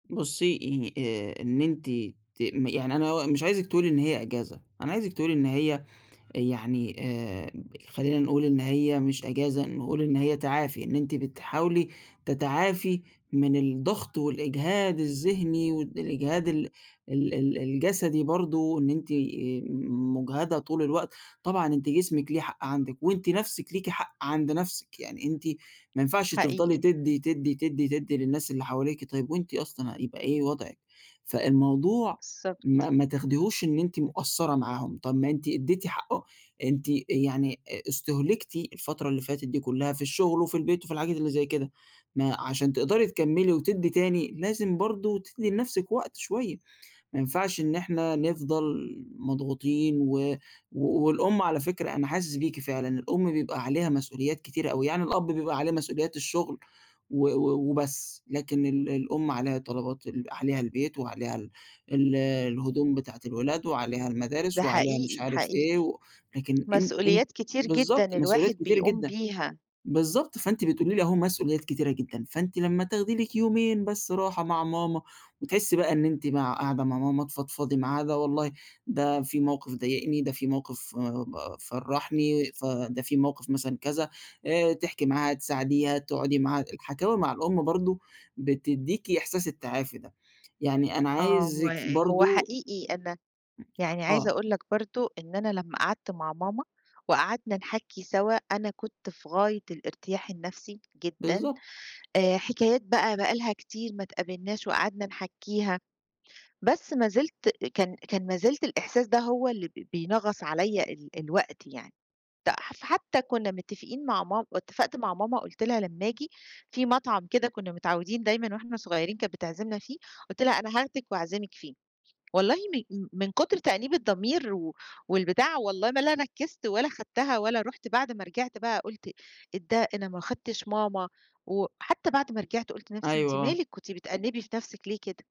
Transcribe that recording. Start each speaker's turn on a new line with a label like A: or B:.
A: بُصي ه آآ، إن أنتِ ت يعني أنا مش عايزِك تقولي إن هي أجازة، أنا عايزِك تقولي إن هي يعني آآ، خلّينا نقول إن هي مش أجازة نقول إن هي تعافي إنِ أنتِ بتحاولي تتعافي من الضغط والإجهاد الذهني والإجهاد ال ال الجسدي برضو، إن أنتِ آآ م مجهدة طول الوقت، طبعًا أنتِ جسمِك ليه حق عندِك وأنتِ نفسِك لِيكِ حق عند نفسِك، يعني أنتِ ما ينفعش تفضلي
B: حقيقي.
A: تدي، تدي، تدي، تدي للناس اللي حواليكِ طيب وأنتِ أصلًا هيبقى إيه وضعِك؟ فالموضوع
B: بالضبط.
A: ما ما تاخديهوش إنِ أنتِ مقصرة معاهم طب ما أنتِ اديتِ حقهم أنتِ آآ، يعني استهلكتِ الفترة اللي فاتت دي كلّها في الشغل وفي البيت وفي الحاجات اللي زي كده ما علشان تقدري تكملي وتدي تاني، لازم برضو تدي لنفسِك وقت شوية ما ينفعش إن إحنا نفضل مضغوطين، و والأم على فكرة أنا حاسس بيكِ فعلًا، الأم بيبقى عليها مسؤوليات كتيرة أوي يعني الأب بيبقى عليه مسؤوليات الشغل، و و وبس لكن ال الأم عليها طلبات ال عليها البيت وعليها ال الهدوم بتاعة الولاد وعليها المدارس
B: ده
A: وعليها مش
B: حقيقي،
A: عارف إيه
B: حقيقي،
A: لكن إن أنتِ
B: مسؤوليات كتير جدًا
A: بالضبط مسؤوليات
B: الواحد
A: كتيرة
B: بيقوم
A: جدًا،
B: بيها.
A: بالضبط فأنتِ بتقولي لي أهو مسؤوليات كتيرة جدًا، فأنتِ لمّا تاخدي لِكِ يومين بس راحة مع ماما وتحسي بقى إن أنتِ مع قاعدة معاها تفضفضي معاها، ده والله ده في موقف ضايقني، ده في موقف ف فرحني، فده في موقف مثلًا كذا آآ تحكي معاها تساعديها تقعدي معاها، الحكاوي مع الأم برضو بتديكِ إحساس التعافي ده، يعني أنا
B: آه، و
A: عايزِِك
B: هو
A: برضو
B: حقيقي أنا يعني عايزة
A: آه.
B: أقول لك برضو إن أنا لمّا قعدت مع ماما وقعدنا نحكّي سوا أنا كنت في غاية الارتياح النفسي جدًا
A: بالضبط.
B: آآ، حكايات بقى بقى لها كتير ما اتقابلناش وقعدنا نحكّيها، بس ما زلت كان كان ما زلت الإحساس ده هو اللي بي بينغص عليّا ال الوقت يعني ده، ف فحتى كنا متفقين مع ماما اتفقت مع ماما قُلت لها لمّا آجي، فيه مطعم كده كنا متعودين دايمًا وإحنا صغيرين كانت بتعزمنا فيه، قُلت لها أنا هاخدك وأعزمِك فيه، والله م من كتر تأنيب الضمير و والبتاع والله ما لا نفذت ولا خدتها ولا رُحت، بعد ما رجعت بقى قُلت إيه ده أنا ما اخدتش ماما، و وحتى بعد ما رجعت قُلت لنفسي
A: أيوه،
B: أنتِ
A: آه.
B: مالِك؟ أنتِ بتأنبي في نفسِك ليه كده؟